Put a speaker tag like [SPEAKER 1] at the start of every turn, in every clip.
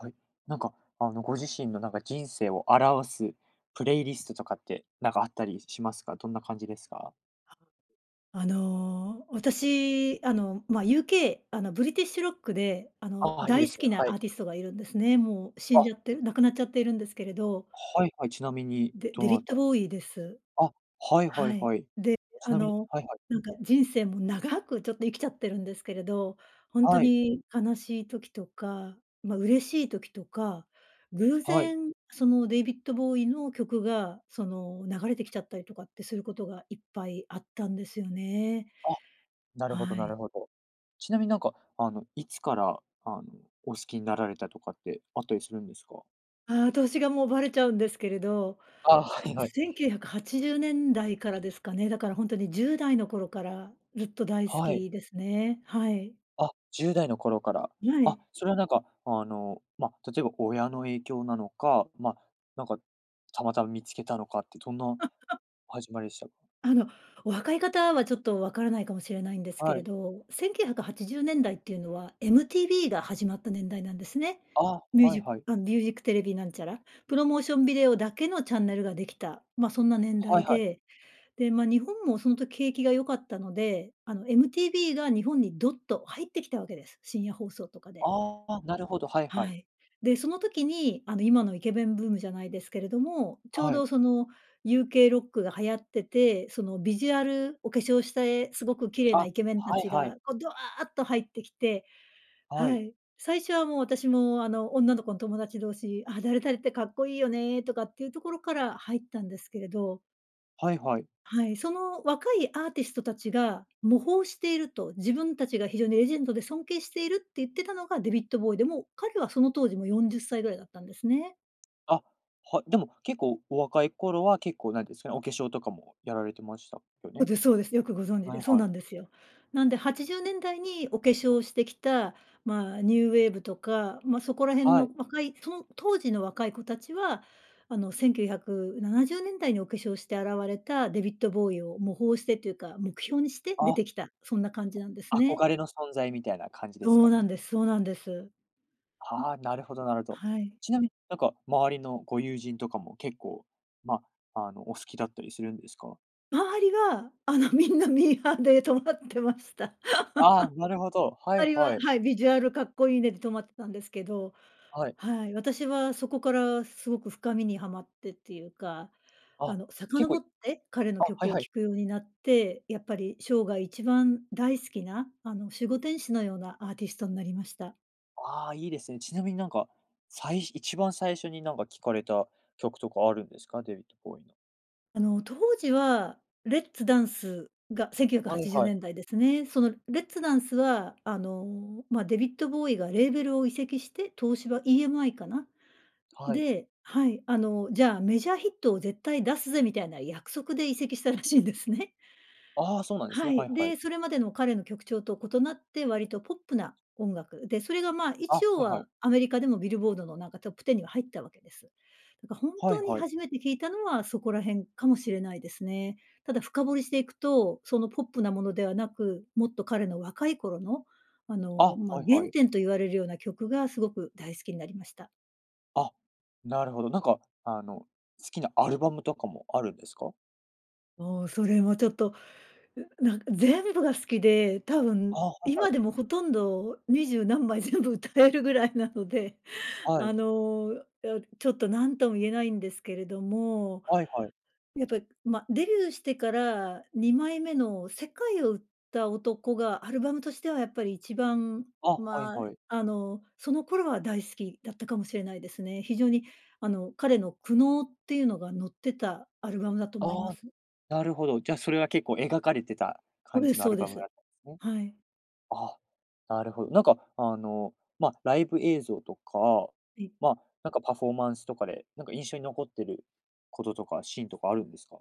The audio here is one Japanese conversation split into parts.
[SPEAKER 1] はい、なんか、あのご自身のなんか人生を表すプレイリストとかってなんかあったり、しますか。どんな感じですか？
[SPEAKER 2] あの、私、あの、まあ、UK、あのブリティッシュロックであの
[SPEAKER 1] ああ、いいで
[SPEAKER 2] 大好
[SPEAKER 1] すね。
[SPEAKER 2] き
[SPEAKER 1] は
[SPEAKER 2] な
[SPEAKER 1] い。
[SPEAKER 2] アーティストがいるんですね。もう死ん
[SPEAKER 1] あ。
[SPEAKER 2] じゃって、亡くなっちゃっているんですけれど。
[SPEAKER 1] はいはい。ちなみに
[SPEAKER 2] デ
[SPEAKER 1] ど
[SPEAKER 2] デヴィ
[SPEAKER 1] な
[SPEAKER 2] ッ
[SPEAKER 1] た。
[SPEAKER 2] ド・ボウイです。
[SPEAKER 1] あ、はいは
[SPEAKER 2] は
[SPEAKER 1] い
[SPEAKER 2] い。
[SPEAKER 1] はい。
[SPEAKER 2] で、
[SPEAKER 1] ち
[SPEAKER 2] あ
[SPEAKER 1] なみに
[SPEAKER 2] の
[SPEAKER 1] はいはい。
[SPEAKER 2] なんか人生も長くちょっと生きちゃってるんですけれど、ほんと
[SPEAKER 1] はい。
[SPEAKER 2] に悲しい時とか、ま、嬉しい時とか、偶
[SPEAKER 1] はい。
[SPEAKER 2] 然そのデヴィッド・ボウイの曲がその流れてきちゃったりとかってすることがいっぱいあったんですよね。
[SPEAKER 1] あ、なるほど
[SPEAKER 2] は
[SPEAKER 1] な
[SPEAKER 2] い。
[SPEAKER 1] るほど。ちなみになんかあの、いつからあのお好きになられたとかってあったりするんですか？
[SPEAKER 2] ああ、年がもうばれちゃうんですけれど、
[SPEAKER 1] ああ、はいはい。
[SPEAKER 2] 1980年代からですかね。だからほんとに10代の頃からずっと大好
[SPEAKER 1] はい。
[SPEAKER 2] きですね、はい。
[SPEAKER 1] あ、10代の頃から、
[SPEAKER 2] はい。
[SPEAKER 1] あ、それはなんかあの、まあ、例えばこう親の影響なのか、まあ、なんか、たまたま見つけたのかってどんな 始まりした？
[SPEAKER 2] あの、お若い方はちょっと分からないかもしれないんですけ
[SPEAKER 1] は
[SPEAKER 2] れ
[SPEAKER 1] い。
[SPEAKER 2] ど、1980年代っていうのは MTV が始まった年代なんですね。
[SPEAKER 1] あ、
[SPEAKER 2] ミュー
[SPEAKER 1] は
[SPEAKER 2] ジ
[SPEAKER 1] い
[SPEAKER 2] ッ
[SPEAKER 1] はい。
[SPEAKER 2] あ、ミュージックテレビなんちゃら、プロモーションビデオだけのチャンネルができた。まあ、そんな年
[SPEAKER 1] は
[SPEAKER 2] 代
[SPEAKER 1] いはい。
[SPEAKER 2] で、で、まあ、日本もその時景気が良かったので、あの MTV が日本にどっと入ってきたわけです。深夜放送とかで。
[SPEAKER 1] ああ、なるほど、はいは
[SPEAKER 2] は
[SPEAKER 1] い。
[SPEAKER 2] い。で、その時にあの今のイケメンブームじゃないですけれども、ちょう
[SPEAKER 1] はい。
[SPEAKER 2] どその UK ロックが流行ってて、そのビジュアルお化粧して、すごく綺麗な
[SPEAKER 1] あ、
[SPEAKER 2] イケメンた
[SPEAKER 1] はい
[SPEAKER 2] ち
[SPEAKER 1] はい。
[SPEAKER 2] がこうドワーっと入ってきて、
[SPEAKER 1] は
[SPEAKER 2] は
[SPEAKER 1] い。
[SPEAKER 2] い。最初はもう私も、あの女の子の友達同士、あ、誰々ってかっこいいよね、とかっていうところから入ったんですけれど。
[SPEAKER 1] はいはい。
[SPEAKER 2] はい、その若いアーティストたちが、模倣していると、自分たちが非常にレジェンドで尊敬しているって言ってたのが、デビッドボーイでも、彼はその当時も40歳ぐらいだったんですね。
[SPEAKER 1] あ、はい。でも、結構お若い頃は結構なんですかね、お化粧とかもやられてましたよ
[SPEAKER 2] そう
[SPEAKER 1] ね？
[SPEAKER 2] ですそうです。よくご存知
[SPEAKER 1] は
[SPEAKER 2] で。
[SPEAKER 1] い
[SPEAKER 2] そう
[SPEAKER 1] はい。
[SPEAKER 2] なんですよ。なんで80年代にお化粧してきた、ま、ニューウェーブとか、ま、そこら辺
[SPEAKER 1] は
[SPEAKER 2] の
[SPEAKER 1] い。
[SPEAKER 2] 若い、その当時の若い子たちは、あの、1970年代にお化粧して現れたデビッドボウイを模倣してというか、目標にして出
[SPEAKER 1] あ。
[SPEAKER 2] てきた。そんな感じなんですね。
[SPEAKER 1] 憧れの存在みたいな感じです
[SPEAKER 2] そ
[SPEAKER 1] か
[SPEAKER 2] うなん
[SPEAKER 1] ね。
[SPEAKER 2] です。そうなんです。ん、
[SPEAKER 1] あ、なるほどなるほど。
[SPEAKER 2] はい。
[SPEAKER 1] ちなみに、なんか、周りのご友人とかも結構、ま、あの、お好きだったりするんですか？
[SPEAKER 2] 周りは、あの、みんなミーハーで止まってました。
[SPEAKER 1] あ、なるほど、は
[SPEAKER 2] 周
[SPEAKER 1] い
[SPEAKER 2] り
[SPEAKER 1] は
[SPEAKER 2] は、
[SPEAKER 1] い。
[SPEAKER 2] はい、ビジュアルかっこいいねで止まってたんですけど。
[SPEAKER 1] はい。
[SPEAKER 2] はい。私はそこからすごく深みにはまってっていうか、あ
[SPEAKER 1] あ、
[SPEAKER 2] の、
[SPEAKER 1] 結構
[SPEAKER 2] 遡
[SPEAKER 1] い
[SPEAKER 2] って彼の
[SPEAKER 1] あ、はい
[SPEAKER 2] 曲を
[SPEAKER 1] はい。
[SPEAKER 2] 聴くようになって、やっぱり生涯一番大好きな、あの、守護天使のようなアーティストになりました。
[SPEAKER 1] ああ、いいですね。ちなみに、なんか、さい一番最初に、なんか、聞かれた曲とかあるんですか？デヴィッド・ボウイの。
[SPEAKER 2] あの、当時はレッツ・ダンスがせんきゅうひゃくは
[SPEAKER 1] はい
[SPEAKER 2] ちじゅう
[SPEAKER 1] はい。
[SPEAKER 2] ねんだいですね。そのレッツ・ダンスは、あの、ま、デヴィッド・ボウイがレーベルを移籍して。東芝 EMI かな。
[SPEAKER 1] はい。
[SPEAKER 2] で、はい、あの、じゃあ、メジャーヒットを絶対出すぜみたいな約束で移籍したらしいんですね。
[SPEAKER 1] あ、そうなんです
[SPEAKER 2] は
[SPEAKER 1] ね。は
[SPEAKER 2] い。
[SPEAKER 1] いはい。
[SPEAKER 2] で、それまでの彼の曲調と異なって、割とポップな音楽、で、それがま、
[SPEAKER 1] あ、
[SPEAKER 2] 一応
[SPEAKER 1] はいは
[SPEAKER 2] は
[SPEAKER 1] い。
[SPEAKER 2] アメリカでもビルボードの、なんか、トップ10には入ったわけです。やっぱ本
[SPEAKER 1] は
[SPEAKER 2] 当
[SPEAKER 1] い
[SPEAKER 2] に
[SPEAKER 1] はい。
[SPEAKER 2] 初めて聴いたのはそこら辺かもしれないですね。ただ深掘りしていくと、そのポップなものではなく、もっと彼の若い頃の、あの、
[SPEAKER 1] あ、
[SPEAKER 2] ま、
[SPEAKER 1] はいは
[SPEAKER 2] 原
[SPEAKER 1] い。
[SPEAKER 2] 点と言われるような曲がすごく大好きになりました。
[SPEAKER 1] あ、なるほど。なんか、あの、好きなアルバムとかもあるんですか？
[SPEAKER 2] もう、それもちょっと、う、なん、全部が好きで、多分
[SPEAKER 1] あ、はいは
[SPEAKER 2] 今
[SPEAKER 1] い。
[SPEAKER 2] でもほとんど二十何枚全部歌えるぐらいなので、
[SPEAKER 1] は
[SPEAKER 2] あ
[SPEAKER 1] い。
[SPEAKER 2] の、や、ちょっと、何とも言えないんですけれども。
[SPEAKER 1] はいはい。
[SPEAKER 2] やっぱ、ま、デビューしてから2枚目の世界を売った男がアルバムとしてはやっぱり一番
[SPEAKER 1] あ、はい
[SPEAKER 2] ま、
[SPEAKER 1] はい。
[SPEAKER 2] あの、その頃は大好きだったかもしれないですね。非常に、あの、彼の苦悩っていうのがのってたアルバムだと思いま
[SPEAKER 1] あ、
[SPEAKER 2] す。
[SPEAKER 1] なるほど。じゃ、それは結構描かれてた
[SPEAKER 2] そう
[SPEAKER 1] 感
[SPEAKER 2] で
[SPEAKER 1] じ
[SPEAKER 2] す
[SPEAKER 1] のア
[SPEAKER 2] そう
[SPEAKER 1] ル
[SPEAKER 2] で
[SPEAKER 1] バムだ
[SPEAKER 2] す。
[SPEAKER 1] ったんですね。
[SPEAKER 2] はい。
[SPEAKER 1] あ、なるほど。なんか、あの、ま、ライブ映像とか、
[SPEAKER 2] ええ。
[SPEAKER 1] ま、なんかパフォーマンスとかで、なんか、印象に残っていることとかシーンとかあるんですか？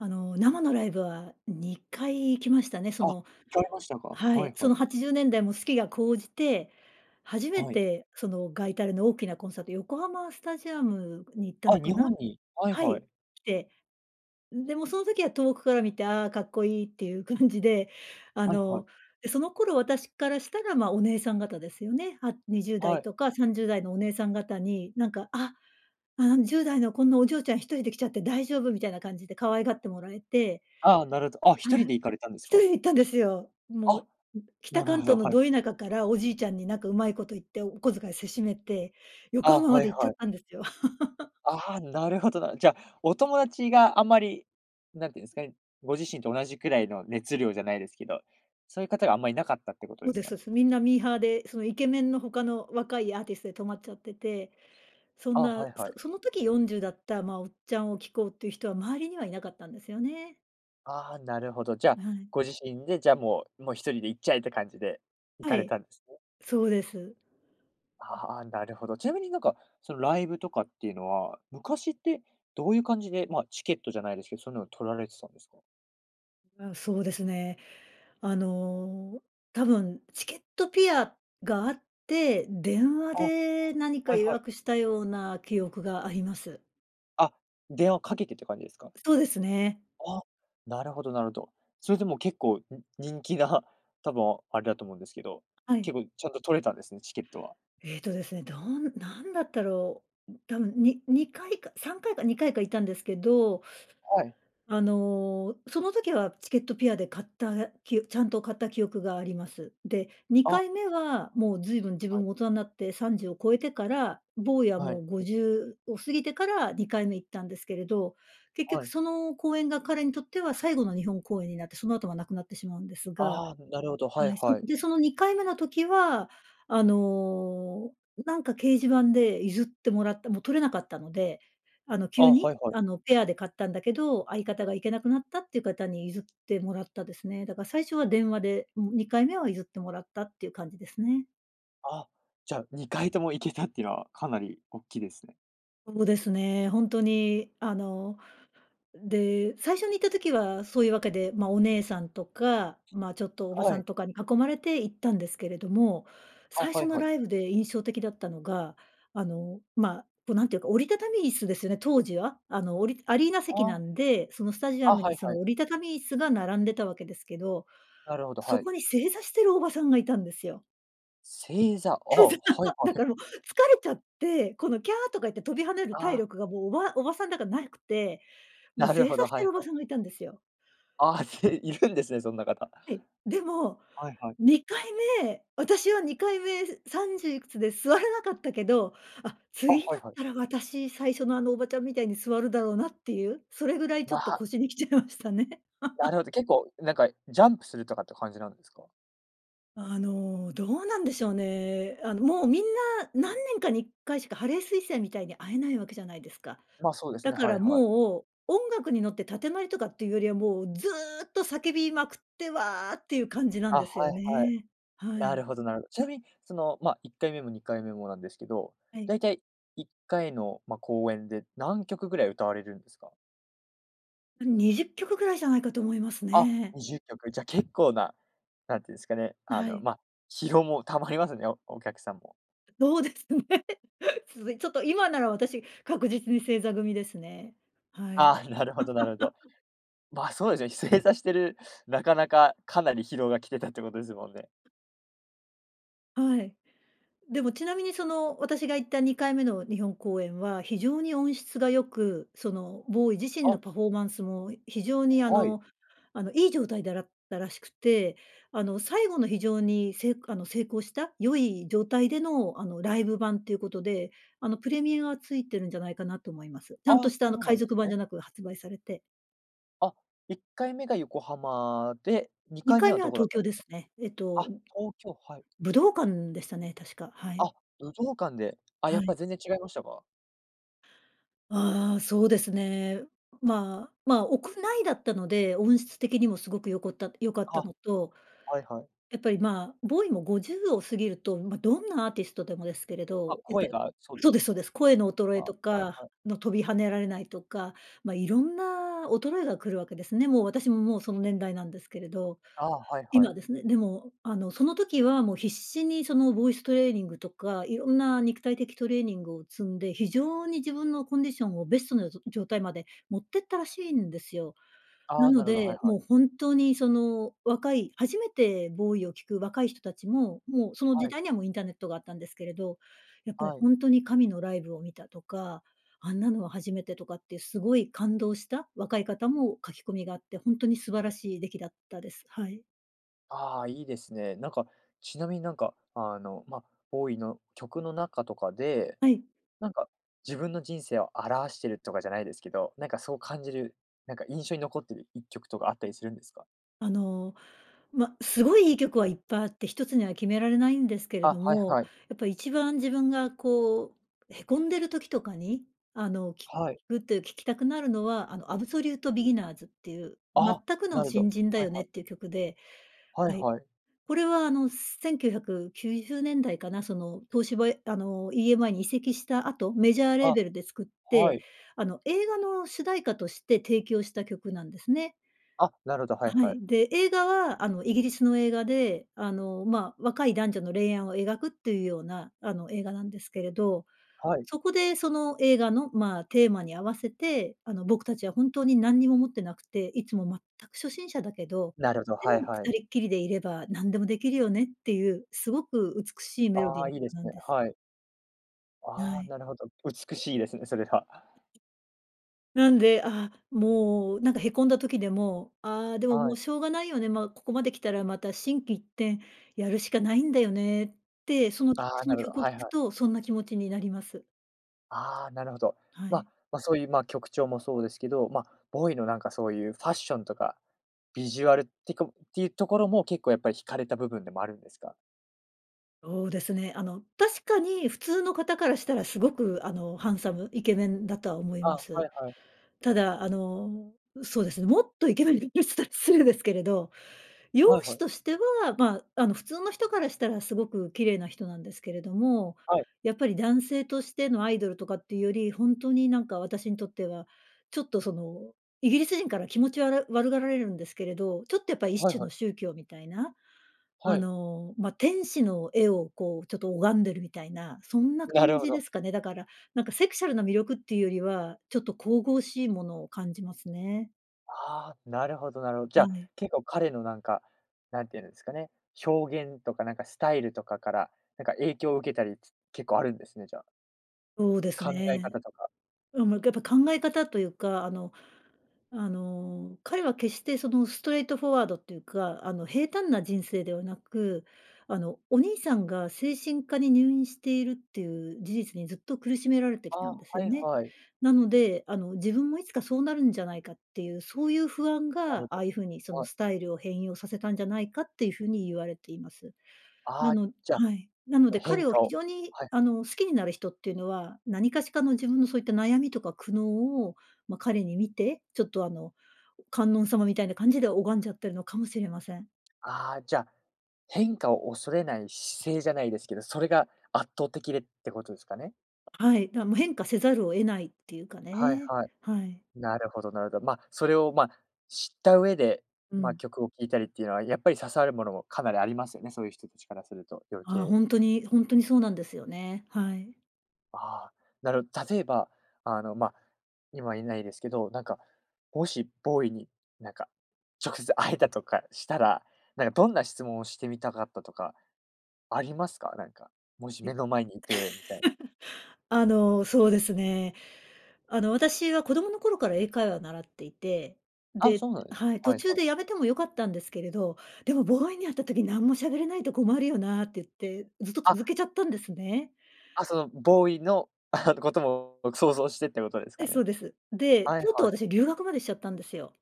[SPEAKER 2] あの、生のライブは、2回行きましたね。そ
[SPEAKER 1] あ、行
[SPEAKER 2] の
[SPEAKER 1] かれましたか？
[SPEAKER 2] は
[SPEAKER 1] は
[SPEAKER 2] い。
[SPEAKER 1] い
[SPEAKER 2] そ
[SPEAKER 1] はい。
[SPEAKER 2] の80年代も好きが高じて、初め
[SPEAKER 1] はい。
[SPEAKER 2] てその外タレの大きなコンサート、横浜スタジアムに行った
[SPEAKER 1] あ、
[SPEAKER 2] のか
[SPEAKER 1] 日
[SPEAKER 2] な。
[SPEAKER 1] 本に、はい
[SPEAKER 2] は
[SPEAKER 1] は
[SPEAKER 2] い。
[SPEAKER 1] い。
[SPEAKER 2] 来て。でもその時は遠くから見て、ああかっこいいっていう感じで、あ
[SPEAKER 1] はいはい。
[SPEAKER 2] の、その頃私からしたら、まあ、お姉さん方ですよね。あ、にじゅうだ
[SPEAKER 1] は
[SPEAKER 2] い
[SPEAKER 1] い。
[SPEAKER 2] とか30代のお姉さん方に、なんか、あ、ああ、10代のこんなお嬢ちゃん1人で来ちゃって大丈夫みたいな感じで可愛がってもらえて。
[SPEAKER 1] ああ、なるほど。あ、ひと
[SPEAKER 2] は
[SPEAKER 1] り
[SPEAKER 2] い。
[SPEAKER 1] で行かれたんです
[SPEAKER 2] 1人
[SPEAKER 1] か？
[SPEAKER 2] で行ったんですよ。も
[SPEAKER 1] あ。
[SPEAKER 2] う、う北
[SPEAKER 1] なる
[SPEAKER 2] 関
[SPEAKER 1] ほど、
[SPEAKER 2] 東の
[SPEAKER 1] はい
[SPEAKER 2] ド
[SPEAKER 1] はい。
[SPEAKER 2] 田舎からおじいちゃんになんかうまいこと言ってお小遣いせしめて、横
[SPEAKER 1] あ、
[SPEAKER 2] 浜ま
[SPEAKER 1] は
[SPEAKER 2] で
[SPEAKER 1] い
[SPEAKER 2] 行っちゃ
[SPEAKER 1] は
[SPEAKER 2] っ
[SPEAKER 1] い。
[SPEAKER 2] たんですよ。
[SPEAKER 1] ああ、なるほどな。じゃ、お友達があまり、何て言うんですかね、ご自身と同じくらいの熱量じゃないですけど、そういう方があんまりいなかったってこと
[SPEAKER 2] そう
[SPEAKER 1] です
[SPEAKER 2] で
[SPEAKER 1] か
[SPEAKER 2] す、
[SPEAKER 1] ね？
[SPEAKER 2] す。みんなミーハーでそのイケメンの他の若いアーティストで止まっちゃってて、そん
[SPEAKER 1] あ、
[SPEAKER 2] な、
[SPEAKER 1] はいはい。
[SPEAKER 2] そその時40だった、まあ、おっちゃんを聴こうっていう人は周りにはいなかったんですよね。
[SPEAKER 1] ああ、なるほど。じゃあ、
[SPEAKER 2] はい。
[SPEAKER 1] ご自身でじゃあもうもう1人で行っちゃえって感じで行
[SPEAKER 2] は
[SPEAKER 1] かれ
[SPEAKER 2] い。
[SPEAKER 1] たんですね？
[SPEAKER 2] そうです。
[SPEAKER 1] ああ、なるほど。ちなみに、なんか、そのライブとかっていうのは、昔ってどういう感じで、ま、チケットじゃないですけど、そういうのを取られてたんですか？
[SPEAKER 2] あ、そうですね。あの、多分チケットぴあがあって、電話
[SPEAKER 1] あ、は
[SPEAKER 2] で何か
[SPEAKER 1] い
[SPEAKER 2] 予
[SPEAKER 1] はい。
[SPEAKER 2] 約したような記憶があります。
[SPEAKER 1] あ、電話をかけてって感じですか？
[SPEAKER 2] そうですね。
[SPEAKER 1] あ、なるほどなるほど。それでも結構に人気な多分あれだと思うんですけど、
[SPEAKER 2] は
[SPEAKER 1] 結
[SPEAKER 2] い。
[SPEAKER 1] 構ちゃんと取れたんですね？チケットは。
[SPEAKER 2] えっとですね、どん何だったろう。多分に2回か3回か2回か行ったんですけど、
[SPEAKER 1] はい。
[SPEAKER 2] あの、その時はチケットぴあで買ったきちゃんと買った記憶があります。で、に
[SPEAKER 1] あ。
[SPEAKER 2] かいめはもうずいぶん自
[SPEAKER 1] は
[SPEAKER 2] 分
[SPEAKER 1] い。
[SPEAKER 2] も大人になって30を超えてから、ボウイは
[SPEAKER 1] は
[SPEAKER 2] も
[SPEAKER 1] い。
[SPEAKER 2] うご じゅうを過ぎてから2回目行ったんですけれど、結
[SPEAKER 1] は
[SPEAKER 2] 局
[SPEAKER 1] い。
[SPEAKER 2] その公演が彼にとっては最後の日本公演になってその後はなくなってしまうんですが
[SPEAKER 1] ああ、なるほど、は
[SPEAKER 2] は
[SPEAKER 1] い
[SPEAKER 2] い。そ
[SPEAKER 1] はい。
[SPEAKER 2] で、その2回目の時は、あの、なんか掲示板で譲ってもらった。もう取れなかったので、あの、
[SPEAKER 1] あ、
[SPEAKER 2] 急に、
[SPEAKER 1] はいはい。
[SPEAKER 2] あの、ペアで買ったんだけど、相方が行けなくなったっていう方に譲ってもらったですね。だから最初は電話で、うん、2回目は譲ってもらったっていう感じですね。
[SPEAKER 1] あ、じゃあ、2回とも行けたっていうのは、かなりおっきいですね。
[SPEAKER 2] そうですね。ほんとに、あの。で、最初に行った時はそういうわけで、まあ、お姉さんとか、まあ、ちょっと、おば
[SPEAKER 1] は
[SPEAKER 2] さ
[SPEAKER 1] い。
[SPEAKER 2] んとかに囲まれて、行ったんですけれども。
[SPEAKER 1] あ、
[SPEAKER 2] 最
[SPEAKER 1] は
[SPEAKER 2] 初
[SPEAKER 1] い
[SPEAKER 2] の
[SPEAKER 1] はい。
[SPEAKER 2] ライブで印象的だったのが、あの、まあ、こう、なんていうか、折りたたみ椅子ですよね、当時は。あの、折りアリーナ席な
[SPEAKER 1] あ。
[SPEAKER 2] んで、その、スタジア
[SPEAKER 1] あ。
[SPEAKER 2] ム
[SPEAKER 1] は
[SPEAKER 2] に、
[SPEAKER 1] い
[SPEAKER 2] そ
[SPEAKER 1] は
[SPEAKER 2] の、
[SPEAKER 1] い。
[SPEAKER 2] 折りたたみ椅子が並んでたわけですけど。
[SPEAKER 1] なるほど。
[SPEAKER 2] そ
[SPEAKER 1] はい。
[SPEAKER 2] こに正座してるおばさんがいたんですよ。
[SPEAKER 1] 正座。あ、はい
[SPEAKER 2] だ
[SPEAKER 1] はい。
[SPEAKER 2] からもう、疲れちゃって。この、キャーとか言って、飛び跳ねる
[SPEAKER 1] あ
[SPEAKER 2] 体
[SPEAKER 1] あ。
[SPEAKER 2] 力がもう、おばおばさんだからなくて、もう
[SPEAKER 1] なる
[SPEAKER 2] 正
[SPEAKER 1] ほ
[SPEAKER 2] 座
[SPEAKER 1] ど。
[SPEAKER 2] し
[SPEAKER 1] は
[SPEAKER 2] て
[SPEAKER 1] い
[SPEAKER 2] るおば
[SPEAKER 1] はい。
[SPEAKER 2] さんがいたんですよ。
[SPEAKER 1] ああ、ているんですね。そんな方。
[SPEAKER 2] はい。でも
[SPEAKER 1] はい、はい。
[SPEAKER 2] 2回目、私は2回目、す30いくつで座れなかったけど。あ、
[SPEAKER 1] あ、
[SPEAKER 2] 次
[SPEAKER 1] は
[SPEAKER 2] だ
[SPEAKER 1] い
[SPEAKER 2] っ
[SPEAKER 1] はい。
[SPEAKER 2] たら私、最初の、あのおばちゃんみたいに、座るだろうなっていう。それぐらい、ち
[SPEAKER 1] ま、
[SPEAKER 2] ょっと、
[SPEAKER 1] は。
[SPEAKER 2] 腰に来ちゃいましたね。
[SPEAKER 1] なる ほど。結構、なんか、ジャンプするとかって感じなんですか？
[SPEAKER 2] あの、どうなんでしょうね。あの、もう、みんな、何年かに1回しか、ハレー彗星みたいに会えないわけじゃないですか。
[SPEAKER 1] まあ、そうです
[SPEAKER 2] だ
[SPEAKER 1] ね。
[SPEAKER 2] か
[SPEAKER 1] はい
[SPEAKER 2] ら
[SPEAKER 1] はい。
[SPEAKER 2] もう、音楽に乗って建前とかっていうよりは、もう、ずうっと叫びまくって、わあっていう感じなん
[SPEAKER 1] あ。
[SPEAKER 2] で
[SPEAKER 1] は
[SPEAKER 2] すよ
[SPEAKER 1] いはい。
[SPEAKER 2] ね。は
[SPEAKER 1] な
[SPEAKER 2] い。
[SPEAKER 1] るほどなるほど。ちなみにその、ま、1回目も2回目もなんですけど。
[SPEAKER 2] は
[SPEAKER 1] だ
[SPEAKER 2] い。
[SPEAKER 1] いたい、1回の、ま、公演で何曲ぐらい歌われるんですか？
[SPEAKER 2] あ、20曲ぐらいじゃないかと思います
[SPEAKER 1] あ、
[SPEAKER 2] ね。
[SPEAKER 1] 20曲。じゃ、結構な、何て言うんすかね、あ
[SPEAKER 2] は
[SPEAKER 1] の、
[SPEAKER 2] い。
[SPEAKER 1] ま、疲労も溜まりますね、お客さんも。
[SPEAKER 2] そうですね。続いちょっと、今なら私確実に正座組ですね。はい。
[SPEAKER 1] あ、なるほどなるほど。ま、そうですよね。正座してる、なかなかかなり疲労が来てたってことですもんね。
[SPEAKER 2] はい。でもちなみに、その、私が行った2回目の日本公演は、非常に音質が良く、その、ボウイ自身
[SPEAKER 1] あ。
[SPEAKER 2] のパフォーマンスも非常に、あ
[SPEAKER 1] はい。
[SPEAKER 2] の、あの、いい状態だったらしくて、あの、最後の非常にせいあの、成功した、良い状態での、あの、ライブ盤ということで、あの、プレミアがついてるんじゃないかなと思います。ちゃんと
[SPEAKER 1] あ、
[SPEAKER 2] し
[SPEAKER 1] そ
[SPEAKER 2] た、あの、
[SPEAKER 1] うな
[SPEAKER 2] 海
[SPEAKER 1] んです
[SPEAKER 2] 賊版
[SPEAKER 1] ね。
[SPEAKER 2] じゃなく発売されて
[SPEAKER 1] あ、1回目が横浜で、に
[SPEAKER 2] に
[SPEAKER 1] かい
[SPEAKER 2] か
[SPEAKER 1] め
[SPEAKER 2] い
[SPEAKER 1] は
[SPEAKER 2] めは
[SPEAKER 1] どこだっ
[SPEAKER 2] 東
[SPEAKER 1] た
[SPEAKER 2] 京
[SPEAKER 1] んで
[SPEAKER 2] で
[SPEAKER 1] すか？
[SPEAKER 2] すね。えっと、
[SPEAKER 1] あ、東京、はい。
[SPEAKER 2] 武道館でしたね、確か。は
[SPEAKER 1] あ、
[SPEAKER 2] い。
[SPEAKER 1] 武道館で、あ、や
[SPEAKER 2] は
[SPEAKER 1] っ
[SPEAKER 2] い。
[SPEAKER 1] ぱ全然違いましたか？
[SPEAKER 2] あ、そうですね。まあ、まあ、屋内だったので、音質的にもすごくよこった、よかった
[SPEAKER 1] あ。
[SPEAKER 2] のと、
[SPEAKER 1] はいはい。
[SPEAKER 2] やっぱり、ま、ボウイも50を過ぎると、ま、どんなアーティストでもですけれ
[SPEAKER 1] ま、
[SPEAKER 2] ど、やっぱ
[SPEAKER 1] 声
[SPEAKER 2] り
[SPEAKER 1] がそうで
[SPEAKER 2] そう
[SPEAKER 1] す
[SPEAKER 2] で
[SPEAKER 1] ね。
[SPEAKER 2] すそうです。声の衰
[SPEAKER 1] あ、
[SPEAKER 2] え
[SPEAKER 1] は
[SPEAKER 2] と
[SPEAKER 1] い
[SPEAKER 2] か、
[SPEAKER 1] はい。
[SPEAKER 2] の飛び跳ねられないとか、ま、いろんな衰えが来るわけですね。もう、私も、もう、その年代なんですけれど、
[SPEAKER 1] あ、はいは
[SPEAKER 2] 今
[SPEAKER 1] い。
[SPEAKER 2] ですね、でも、あの、その時は、もう、必死に、その、ボイストレーニングとか、いろんな肉体的トレーニングを積んで、非常に自分のコンディションをベストなぞ、状態まで持ってったらしいんですよ。な
[SPEAKER 1] あ、
[SPEAKER 2] の
[SPEAKER 1] なるほど、はい
[SPEAKER 2] で、
[SPEAKER 1] はい。
[SPEAKER 2] もう、本当に、その、若い、初めてボウイを聞く若い人たちも、もう、その時
[SPEAKER 1] はい。
[SPEAKER 2] 代にはもう、インターネットがあったんですけれど、やっぱり
[SPEAKER 1] はい。
[SPEAKER 2] ほんとに神のライブを見たとか、あんなのは初めてとかっていうすごい感動した若い方も書き込みがあって、ほんとに素晴らしい出来だったです。はい。
[SPEAKER 1] ああ、いいですね。なんか、ちなみになんか、あの、ま、ボウイの曲の中とかで、
[SPEAKER 2] はい。
[SPEAKER 1] なんか自分の人生を表してるとかじゃないですけど、なんかそう感じる、なんか印象に残っている1曲とかあったりするんですか？
[SPEAKER 2] あの、ま、すごいいい曲はいっぱいあって、1つには決められないんですけれ
[SPEAKER 1] あ、
[SPEAKER 2] ど
[SPEAKER 1] はい
[SPEAKER 2] も、
[SPEAKER 1] はい。
[SPEAKER 2] やっぱり一番自分がこう、へこんでる時とかに、あの聴
[SPEAKER 1] はい。
[SPEAKER 2] くって聴きたくなるのは、あのアブソリュート・ビギナーズっていう、全
[SPEAKER 1] あ、
[SPEAKER 2] く
[SPEAKER 1] な
[SPEAKER 2] の
[SPEAKER 1] るほ
[SPEAKER 2] 新
[SPEAKER 1] ど。
[SPEAKER 2] 人だ
[SPEAKER 1] はい
[SPEAKER 2] よね
[SPEAKER 1] は
[SPEAKER 2] っ
[SPEAKER 1] い。
[SPEAKER 2] ていう曲で、
[SPEAKER 1] はい
[SPEAKER 2] はい。
[SPEAKER 1] はい。
[SPEAKER 2] これはあの、1990年代かな、その東芝あの、EMI に移籍した後、メジャーレー
[SPEAKER 1] あ、
[SPEAKER 2] ベルで作っ
[SPEAKER 1] は
[SPEAKER 2] て、
[SPEAKER 1] い。
[SPEAKER 2] あの映画の主題歌として提供した曲なんですね。
[SPEAKER 1] あ、なるほど、はい
[SPEAKER 2] あ、は
[SPEAKER 1] はい。
[SPEAKER 2] い。で、映画はあのイギリスの映画で、あの、まあ、若い男女の恋愛を描くっていうようなあの映画なんですけれど、
[SPEAKER 1] はい。
[SPEAKER 2] そこでその映画の、まあ、テーマに合わせて、あの僕たちは本当に何にも持ってなくて、いつも全く初心者だけど、
[SPEAKER 1] なるほど、
[SPEAKER 2] で
[SPEAKER 1] は
[SPEAKER 2] も
[SPEAKER 1] いはい。
[SPEAKER 2] 二人っきりでいれば何でもできるよねっていう、すごく美しいメロデ
[SPEAKER 1] あ
[SPEAKER 2] ィー
[SPEAKER 1] あ、
[SPEAKER 2] の
[SPEAKER 1] いいで
[SPEAKER 2] 曲
[SPEAKER 1] す
[SPEAKER 2] なん
[SPEAKER 1] ね、
[SPEAKER 2] です。
[SPEAKER 1] はい。
[SPEAKER 2] は
[SPEAKER 1] ああ、
[SPEAKER 2] い。
[SPEAKER 1] なるほど。美しいですね。それは。
[SPEAKER 2] なんで、あ、もう、なんかへこんだ時でも、ああ、でも、
[SPEAKER 1] は
[SPEAKER 2] も
[SPEAKER 1] い。
[SPEAKER 2] う、しょうがないよね、ま、ここまで来たらまた心機一転やるしかないんだよねって、その
[SPEAKER 1] ああ、
[SPEAKER 2] そ
[SPEAKER 1] な
[SPEAKER 2] の
[SPEAKER 1] るほど。
[SPEAKER 2] 曲を
[SPEAKER 1] は
[SPEAKER 2] 聞
[SPEAKER 1] い
[SPEAKER 2] く
[SPEAKER 1] はい。
[SPEAKER 2] とそんな気持ちになります。
[SPEAKER 1] ああ、なるほど。
[SPEAKER 2] はい。
[SPEAKER 1] ま、ま、そういう、ま、曲調もそうですけど、ま、ボウイのなんかそういうファッションとか、ビジュアルってこっていうところも結構やっぱり引かれた部分でもあるんですか？
[SPEAKER 2] そうですね、あの、確かに普通の方からしたらすごく、あの、ハンサム、イケメンだとは思い
[SPEAKER 1] あ、
[SPEAKER 2] ます。
[SPEAKER 1] はいはい。
[SPEAKER 2] ただ、あの、そうですね、もっとイケメン 失礼ですけれど、容
[SPEAKER 1] はいは
[SPEAKER 2] 姿
[SPEAKER 1] い。
[SPEAKER 2] としては、まあ、あの、普通の人からしたらすごく綺麗な人なんですけれども、
[SPEAKER 1] はい。
[SPEAKER 2] やっぱり男性としてのアイドルとかっていうより、本当になんか私にとっては、ちょっとその、イギリス人から気持ちわら悪がられるんですけれど、ちょっとやっぱり一
[SPEAKER 1] はい
[SPEAKER 2] 種
[SPEAKER 1] は
[SPEAKER 2] の
[SPEAKER 1] い。
[SPEAKER 2] 宗教みたいな。
[SPEAKER 1] は
[SPEAKER 2] あ
[SPEAKER 1] い。
[SPEAKER 2] の、ま、天使の絵を、こう、ちょっと拝んでるみたいな、そんな
[SPEAKER 1] な
[SPEAKER 2] 感
[SPEAKER 1] るほ
[SPEAKER 2] じで
[SPEAKER 1] ど。
[SPEAKER 2] すかね。だから、なんか、セクシャルな魅力っていうよりは、ちょっと神々しいものを感じますね。
[SPEAKER 1] ああ、なるほど、なるほじゃ
[SPEAKER 2] あ、
[SPEAKER 1] あ、
[SPEAKER 2] ね。
[SPEAKER 1] 結構彼の、なんか、何て言うんですかね、表現とか、なんか、スタイルとかから、なんか、影響を受けたりす結構あるんですね、じゃあ。
[SPEAKER 2] そうです
[SPEAKER 1] 考え
[SPEAKER 2] ね。
[SPEAKER 1] 方とか。
[SPEAKER 2] うん、ま、やっぱ考え方というか、あの、あの、彼は決してそのストレートフォワードっていうか、あの、平坦な人生ではなく、あの、お兄さんが精神科に入院しているっていう、事実にずっと苦しめられてき
[SPEAKER 1] あ
[SPEAKER 2] た
[SPEAKER 1] あ、
[SPEAKER 2] んですよ
[SPEAKER 1] はい
[SPEAKER 2] ね。
[SPEAKER 1] はい。
[SPEAKER 2] なので、あの、自分もいつかそうなるんじゃないかっていう、そういう不安
[SPEAKER 1] な
[SPEAKER 2] が
[SPEAKER 1] る
[SPEAKER 2] ああいう風に、そ
[SPEAKER 1] ほ
[SPEAKER 2] の、
[SPEAKER 1] はい。
[SPEAKER 2] スタイルを変容させたんじゃないかっていう風に言われています。
[SPEAKER 1] あ
[SPEAKER 2] な
[SPEAKER 1] あ、
[SPEAKER 2] の
[SPEAKER 1] じゃ、
[SPEAKER 2] はい。なの
[SPEAKER 1] の
[SPEAKER 2] で、
[SPEAKER 1] 変
[SPEAKER 2] 彼を
[SPEAKER 1] 化
[SPEAKER 2] 非
[SPEAKER 1] を
[SPEAKER 2] 常に、
[SPEAKER 1] はい。
[SPEAKER 2] あの、好きになる人っていうのは、何かしかの自分のそういった悩みとか苦悩を、ま、彼に見て、ちょっと、あの、観音様みたいな感じで拝んじゃってるのかもしれません。
[SPEAKER 1] ああ、じゃ、変化を恐れない姿勢じゃないですけど、それが圧倒的でってことですかね？
[SPEAKER 2] はい、だ、もう変化せざるを得ないっていうか
[SPEAKER 1] はい
[SPEAKER 2] ね、
[SPEAKER 1] はい。
[SPEAKER 2] はい。
[SPEAKER 1] なるほどなるほど。ま、それを、ま、知った上で、
[SPEAKER 2] う
[SPEAKER 1] ま、
[SPEAKER 2] ん。
[SPEAKER 1] 曲を聴いたりっていうのは、やっぱり刺さるものもかなりありますよね、そういう人たちからすると、余
[SPEAKER 2] ああ、
[SPEAKER 1] 計。
[SPEAKER 2] ほんとにほんとにそうなんですよね。はい。
[SPEAKER 1] あ、なるほど、例えば、あの、ま、今いないですけど、なんか、もしボウイに、なんか、直接会えたとかしたら、なんか、どんな質問をしてみたかったとか、ありますか？なんか、もし目
[SPEAKER 2] え。
[SPEAKER 1] の前にいて、みたいな。
[SPEAKER 2] あの、そうですね。あの、私は子供の頃から英会話を習っていて、
[SPEAKER 1] あ、
[SPEAKER 2] で、
[SPEAKER 1] そうなんですね。
[SPEAKER 2] はい、途
[SPEAKER 1] はい
[SPEAKER 2] 中
[SPEAKER 1] はい。
[SPEAKER 2] で辞めても良かったんですけれど、でもボウイに会った時に何も喋れないと困るよなって言って、ずっと続
[SPEAKER 1] あ。
[SPEAKER 2] けちゃったんですね。
[SPEAKER 1] あ、そのボウイの ことも想像してってことです
[SPEAKER 2] ええ、
[SPEAKER 1] か
[SPEAKER 2] そ
[SPEAKER 1] ね？
[SPEAKER 2] うです。で、
[SPEAKER 1] はい
[SPEAKER 2] とうとう
[SPEAKER 1] はい。
[SPEAKER 2] 私留学までしちゃったんですよ。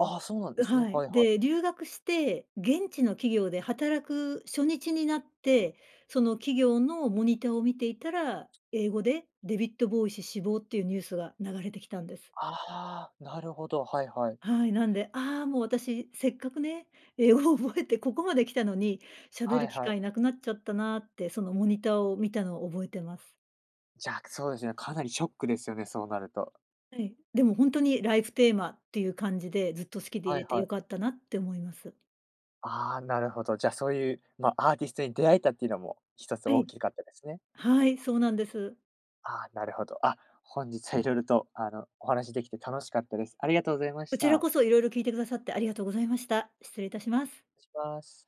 [SPEAKER 1] ああ、そうなんで
[SPEAKER 2] [unintelligible]
[SPEAKER 1] すね。
[SPEAKER 2] はい。
[SPEAKER 1] はいはい。
[SPEAKER 2] で、留学して現地の企業で働く初日になって、その企業のモニターを見ていたら、英語でデヴィッド・ボウイ氏死亡っていうニュースが流れてきたんです。
[SPEAKER 1] ああ、なるほど、はいはい。
[SPEAKER 2] はい、なんで、あ、もう、私せっかくね、英語を覚えてここまで来たのに、喋
[SPEAKER 1] は
[SPEAKER 2] る
[SPEAKER 1] い
[SPEAKER 2] 機
[SPEAKER 1] はい。
[SPEAKER 2] 会なくなっちゃったなって、そのモニターを見たのを覚えてます。
[SPEAKER 1] じゃ、そうですね、かなりショックですよね、そうなると。
[SPEAKER 2] はい、でも本当にライフテーマっていう感じで、ずっと好きでい
[SPEAKER 1] はい
[SPEAKER 2] れて
[SPEAKER 1] は
[SPEAKER 2] 良
[SPEAKER 1] い。
[SPEAKER 2] かったなって思います。
[SPEAKER 1] あ、なるほど。じゃあ、そういう、ま、アーティストに出会えたっていうのも一つ
[SPEAKER 2] は
[SPEAKER 1] 大
[SPEAKER 2] い。
[SPEAKER 1] きかったですね。
[SPEAKER 2] はい、そうなんです。
[SPEAKER 1] あ、なるほど。あ、本日は色々と、あの、お話しできて楽しかったです。ありがとうございま
[SPEAKER 2] こ
[SPEAKER 1] し
[SPEAKER 2] ちら
[SPEAKER 1] た。
[SPEAKER 2] こそ色々聞いてくださってありがとうございました。失礼いたします。
[SPEAKER 1] します。